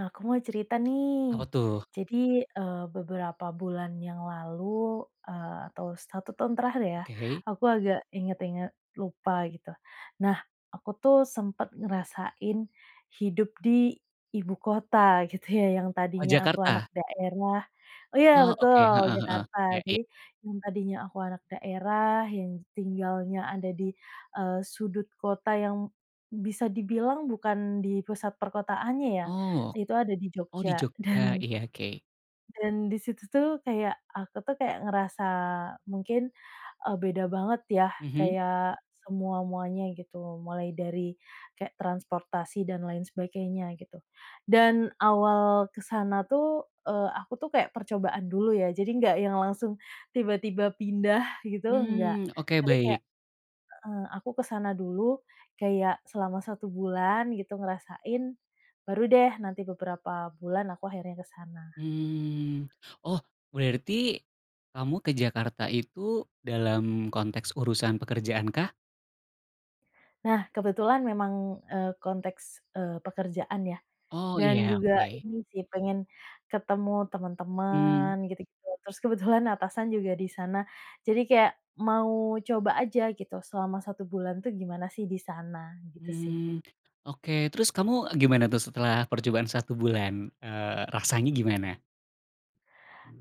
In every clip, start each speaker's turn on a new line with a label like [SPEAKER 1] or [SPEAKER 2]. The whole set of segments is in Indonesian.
[SPEAKER 1] Aku mau cerita
[SPEAKER 2] Apa
[SPEAKER 1] nih,
[SPEAKER 2] tuh?
[SPEAKER 1] jadi, eee, beberapa bulan yang lalu, eee, atau 1 tahun terakhir ya
[SPEAKER 2] Oke.
[SPEAKER 1] aku agak inget-inget lupa gitu. Nah, aku tuh sempet ngerasain hidup di ibu kota gitu ya yang
[SPEAKER 2] Oh,
[SPEAKER 1] tadinya aku anak
[SPEAKER 2] Jakarta?
[SPEAKER 1] daerah oh, ya,
[SPEAKER 2] Oh, oke,
[SPEAKER 1] betul,
[SPEAKER 2] heeh heeh,
[SPEAKER 1] Jakarta
[SPEAKER 2] ya ya.
[SPEAKER 1] jadi yang tadinya aku anak daerah yang tinggalnya ada di, eee, sudut kota yang bisa dibilang bukan di pusat perkotaannya ya,
[SPEAKER 2] Oh,
[SPEAKER 1] itu ada di
[SPEAKER 2] oh, di
[SPEAKER 1] Jogja
[SPEAKER 2] Jogja?
[SPEAKER 1] dan
[SPEAKER 2] Iya, oke.
[SPEAKER 1] dan di situ tuh kayak aku tuh kayak ngerasa mungkin, eee, beda banget ya
[SPEAKER 2] Mhm.
[SPEAKER 1] kayak semua-muanya gitu mulai dari, kayak transportasi dan lain sebagainya gitu, dan awal ke sana tuh, eee, aku tuh kayak percobaan dulu ya jadi nggak yang langsung tiba-tiba pindah gitu enggak
[SPEAKER 2] Mmm, oke,
[SPEAKER 1] tapi kayak
[SPEAKER 2] baik.
[SPEAKER 1] heeh, aku ke sana dulu kayak selama 1 bulan gitu ngerasain baru deh nanti beberapa bulan aku akhirnya ke sana.
[SPEAKER 2] Mmm, oh, berarti, kamu ke Jakarta itu dalam konteks urusan pekerjaan kah?
[SPEAKER 1] Nah, kebetulan memang, eee, konteks, eee, pekerjaan ya,
[SPEAKER 2] Oh,
[SPEAKER 1] dan
[SPEAKER 2] iya,
[SPEAKER 1] juga
[SPEAKER 2] oke.
[SPEAKER 1] ini sih pengen, ketemu
[SPEAKER 2] Mmm.
[SPEAKER 1] temen-temen gitu-gitu terus kebetulan atasan juga di sana jadi kayak mau coba aja gitu selama 1 bulan tuh gimana sih di sana gitu sih.
[SPEAKER 2] Mmm, oke, terus kamu gimana tuh setelah percobaan 1 bulan? Eee, rasanya gimana?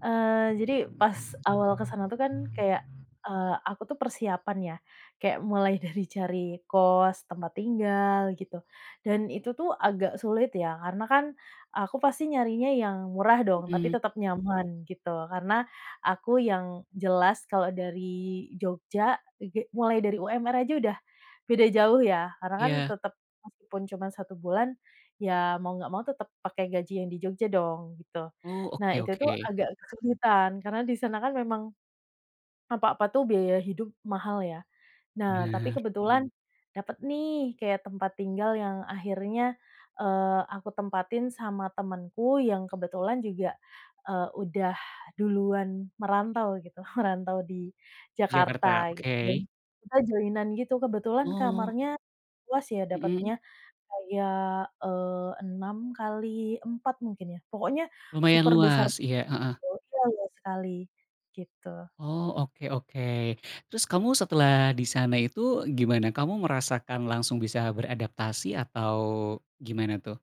[SPEAKER 1] Eee, jadi pas awal kesana itu kan kayak, eee, aku tuh persiapan ya kayak mulai dari cari kos tempat tinggal gitu dan itu tuh agak sulit ya karena kan aku pasti nyarinya yang murah dong tapi
[SPEAKER 2] Mhm.
[SPEAKER 1] tetep nyaman gitu karena aku yang jelas kalau dari Jogja ege mulai dari UMR aja udah, beda jauh ya karena kan
[SPEAKER 2] Iya.
[SPEAKER 1] tetep, meskipun cuma 1 bulan, ya mau nggak mau tetep pakai gaji yang di Jogja dong gitu.
[SPEAKER 2] Oh,
[SPEAKER 1] Nah,
[SPEAKER 2] oke
[SPEAKER 1] itu tuh
[SPEAKER 2] oke.
[SPEAKER 1] agak kesulitan karena di sana kan memang, apa-apa tuh biaya hidup mahal ya, nah tapi
[SPEAKER 2] Benar.
[SPEAKER 1] kebetulan, dapet nih kayak tempat tinggal yang akhirnya, eee, aku tempatin sama temenku yang kebetulan juga, eee, udah duluan merantau gitu merantau di Jakarta
[SPEAKER 2] Jakarta,
[SPEAKER 1] gitu dan
[SPEAKER 2] oke.
[SPEAKER 1] kita joinan gitu kebetulan
[SPEAKER 2] Oh.
[SPEAKER 1] kamarnya, luas ya
[SPEAKER 2] Mhm.
[SPEAKER 1] dapetnya, kayak, eee, 6 kali 4 mungkin ya pokoknya,
[SPEAKER 2] Lumayan
[SPEAKER 1] super besar
[SPEAKER 2] luas, iya, heeh.
[SPEAKER 1] [unintelligible] iya, luas sekali, gitu.
[SPEAKER 2] Oh, oke oke, terus kamu setelah di sana itu gimana? Kamu merasakan langsung bisa beradaptasi atau, gimana tuh?